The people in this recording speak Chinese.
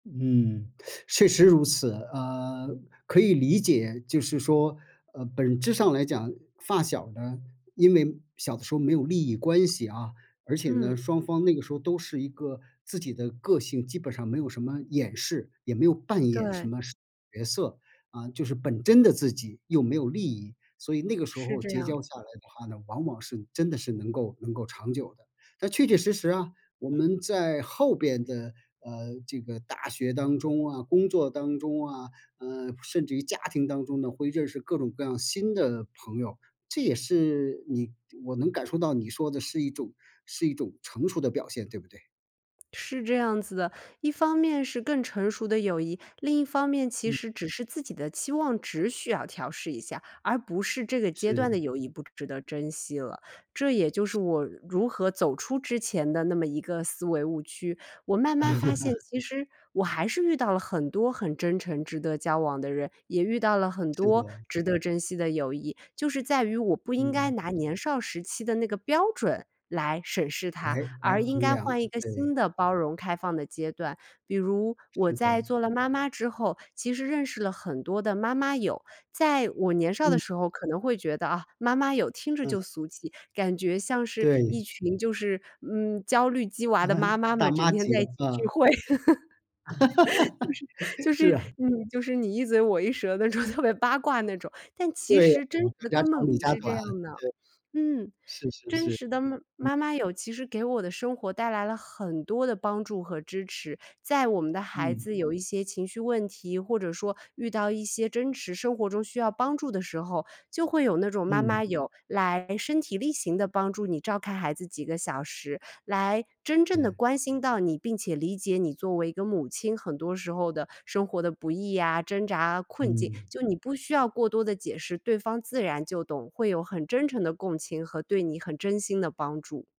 嗯，确实如此。啊，可以理解，就是说，呃，本质上来讲发小呢，因为小的时候没有利益关系啊，而且呢，嗯。双方那个时候都是一个自己的个性，基本上没有什么掩饰，也没有扮演什对。么角色，啊，就是本真的自己又没有利益。所以那个时是候这结样。交下来的话呢，往往是真的是能够能够长久的。但确确实实啊，我们在后边的，呃，这个大学当中啊，工作当中啊，呃，甚至于家庭当中呢，会认识各种各样新的朋友，这也是你我能感受到你说的是一种是一种成熟的表现，对不对？是这样子的。一方面是更成熟的友谊，另一方面其嗯。实只是自己的期望值需要调试一下，而不是这个阶段的是。友谊不值得珍惜了。这也就是我如何走出之前的那么一个思维误区，我慢慢发现 其实我还是遇到了很多很真诚值得交往的人，也遇到了很是多的。值得珍惜的友谊。就是在于我不应该嗯。拿年少时期的那个标准来审视他，来来而应衡该量，换一个对。新的包容开放的阶段。比如我是在的。做了妈妈之后，其实认识了很多的妈妈友，在我年少的嗯。时候可能会觉得啊，妈妈友听着就嗯。俗气，感觉像是一对。群就是，嗯，焦虑鸡娃的妈嗯，妈大们，整妈天级在的一起聚啊。会。就 是是就是啊。你就是你一嘴我一舌的那种特别八卦那种，但其对呀，实真嗯，实的谁家根长本理不家是这短，样的。对。嗯，是是真是。实的妈嗯。妈妈友，其实给我的生活带来了很多的帮助和支持。在我们的孩嗯。子有一些情绪问题，或者说遇到一些真实生活中需要帮助的时候，就会有那种妈嗯。妈友来身体力行地帮助你照看孩子几个小时，来真正地对。关心到你，并且理解你作为一个母亲很多时候的生活的不易啊，挣扎啊，困境。嗯。就你不需要过多的解释，对方自然就懂，会有很真诚的共情和对你很真心的帮助。